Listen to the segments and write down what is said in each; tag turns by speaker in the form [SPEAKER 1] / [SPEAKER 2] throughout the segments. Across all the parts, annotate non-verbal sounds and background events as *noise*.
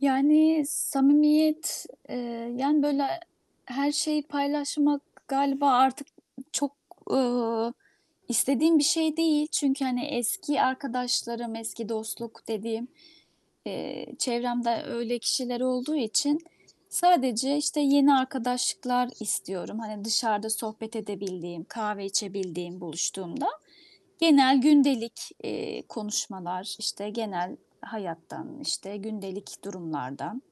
[SPEAKER 1] Yani, samimiyet, eee, yani, böyle her şeyi paylaşmak, galiba artık çok, ııı, istediğim bir şey değil. Çünkü, hani, eski arkadaşlarım, eski dostluk dediğim, eee, çevremde öyle kişiler olduğu için sadece, işte, yeni arkadaşlıklar istiyorum. Hani, dışarıda sohbet edebildiğim, kahve içebildiğim buluştuğumda; genel gündelik, eee, konuşmalar. İşte, genel hayattan, işte, gündelik durumlardan,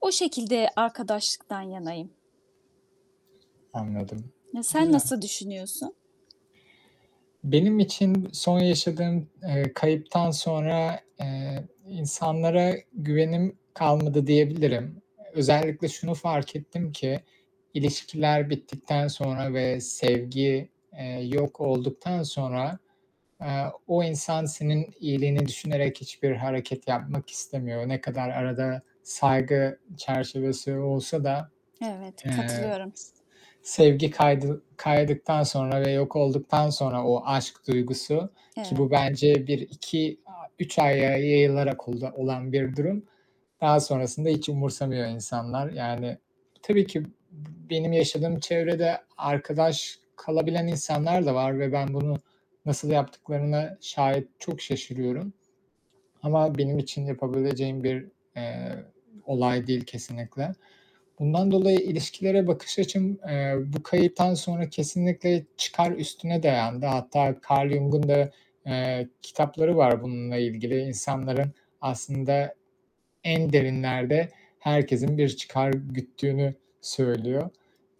[SPEAKER 1] o şekilde arkadaşlıktan yanayım.
[SPEAKER 2] Anladım,
[SPEAKER 1] Ya, sen
[SPEAKER 2] güzel!
[SPEAKER 1] nasıl düşünüyorsun?
[SPEAKER 2] Benim için, son yaşadığım, eee, kayıptan sonra, eee, insanlara güvenim kalmadı, diyebilirim. Eee, özellikle, şunu fark ettim ki: ilişkiler bittikten sonra ve sevgi, eee, yok olduktan sonra, aaa, o insan, senin iyiliğini düşünerek; hiçbir hareket yapmak istemiyor. Ne kadar arada saygı çerçevesi olsa da,
[SPEAKER 1] Evet,
[SPEAKER 2] eee
[SPEAKER 1] katılıyorum.
[SPEAKER 2] s sevgi kaydı kaydıktan sonra ve yok olduktan sonra o aşk duygusu Ki bu,
[SPEAKER 1] Evet.
[SPEAKER 2] bence 1 -2, aaa, 3 aya yayılarak o olan bir durum. Daha sonrasında, hiç umursamıyor insanlar. Yani, tabii ki, b bu benim yaşadığım çevrede arkadaş kalabilen insanlar da var ve ben bunu nasıl yaptıklarına şayet çok şaşırıyorum; ama benim için yapabileceğim bir, eee, olay değil kesinlikle. Bundan dolayı ilişkilere bakış açım, eee, bu kayıptan sonra kesinlikle çıkar üstüne dayandı. Hatta, Karl Jung'un da, eee, kitapları var bununla ilgili, insanların aslında, en derinlerde herkesin bir çıkar güttüğünü söylüyor.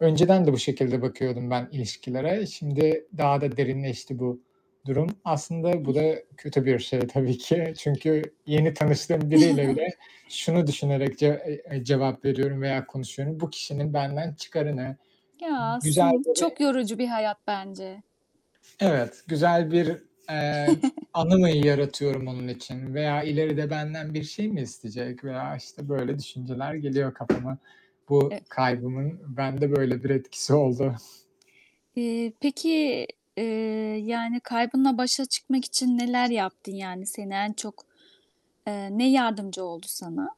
[SPEAKER 2] Önceden de bu şekilde bakıyordum, ben ilişkilere. Şimdi, daha da derinleşti, bu durum. Aslında, bu da kötü bir şey tabii ki, çünkü yeni tanıştığım biriyle bile
[SPEAKER 1] *chuckles*
[SPEAKER 2] şunu düşünerek, ce eee, eee, cevap veriyorum veya konuşuyorum, bu kişinin benden çıkarı ne?
[SPEAKER 1] Ya,
[SPEAKER 2] Güzel,
[SPEAKER 1] aslın
[SPEAKER 2] böyle
[SPEAKER 1] çok yorucu bir hayat bence.
[SPEAKER 2] Evet, güzel bir, eee, anı mı yaratıyorum onun
[SPEAKER 1] *chuckles*
[SPEAKER 2] için veya ileride benden bir şey mi isteyecek? Veya, işte, böyle düşünceler geliyor kafama. Bu
[SPEAKER 1] Eee
[SPEAKER 2] kaybımın, bende böyle bir etkisi oldu. *chuckles*
[SPEAKER 1] İii, peki, eee, yani, kaybınla başa çıkmak için neler yaptın? Yani, seni en çok eee, ne yardımcı oldu sana?